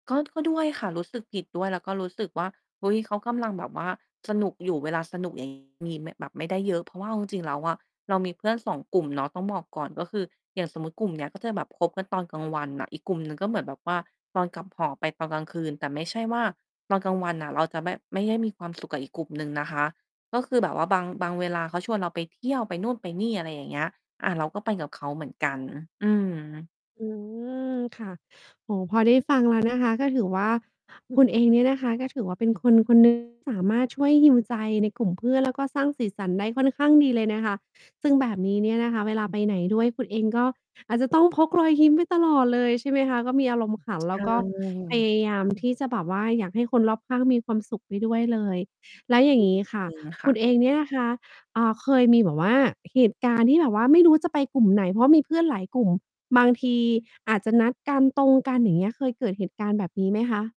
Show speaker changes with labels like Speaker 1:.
Speaker 1: ก็ ก็ด้วยค่ะ รู้สึกผิดด้วย แล้วก็รู้สึกว่า เฮ้ย เขากำลังแบบว่า สนุกอยู่ เวลาสนุก อย่างงี้ มี ม แบบไม่ได้เยอะ เพราะว่าเอาจริง ๆ แล้วอะ เรามีเพื่อน 2 กลุ่มเนาะ ต้องบอกก่อน ก็คือ อย่างสมมุติกลุ่มเนี้ย ก็จะแบบคบกันตอนกลางวันน่ะ อีกกลุ่มหนึ่ง ก็เหมือนแบบว่า ตอนกลับหอไปตอนกลางคืน แต่ไม่ใช่ว่า ตอนกลางวันน่ะ เราจะแบบไม่ได้มีความ สุข กับอีกกลุ่มหนึ่งนะคะ ก็คือแบบว่าบาง บางเวลาเขาชวนเราไปเที่ยวไปนู่นไปนี่ อะไรอย่างเงี้ย อา เราก็ไปกับเขาเหมือนกัน อืม
Speaker 2: อืม ค่ะ โอ้โฮ พอได้ฟังแล้ว นะคะ ก็ถือว่าคุณเองเนี่ยนะคะ ก็ถือว่าเป็นคน ๆ หนึ่งที่ สามารถช่วย heal ใจใน กลุ่มเพื่อน แล้วก็สร้างสีสันได้ค่อนข้างดีเลยนะคะ ซึ่งแบบนี้เนี่ยนะคะ เวลาไปไหนด้วย คุณเองก็ อาจจะต้องพกรอยยิ้มไปตลอดเลยใช่ไหมคะ ก็มีอารมณ์ขัน
Speaker 1: ใ
Speaker 2: แล
Speaker 1: ช
Speaker 2: ้วก็ พ
Speaker 1: ่
Speaker 2: ยายามที่จะแบบว่า อยากให้คนรอบข้างมีความสุขไปด้วยเลย แล้วอย่
Speaker 1: อ
Speaker 2: า
Speaker 1: ื
Speaker 2: งง
Speaker 1: ม
Speaker 2: ี้ค่ะ
Speaker 1: จริงค
Speaker 2: ค
Speaker 1: ่ะ
Speaker 2: ุณเองเนี่ยนะคะ อา เคยมีแบบว่า เหตุ การณ์ที่แบบว่า ไม่รู้จะไปกลุ่มไหน เพราะมีเพื่อนหลายกลุ่ม บางที อาจจะนัดกัน ตรงกัน อย่างเงี้ย เคยเกิดเหตุการณ์แบบนี้ไหมคะ?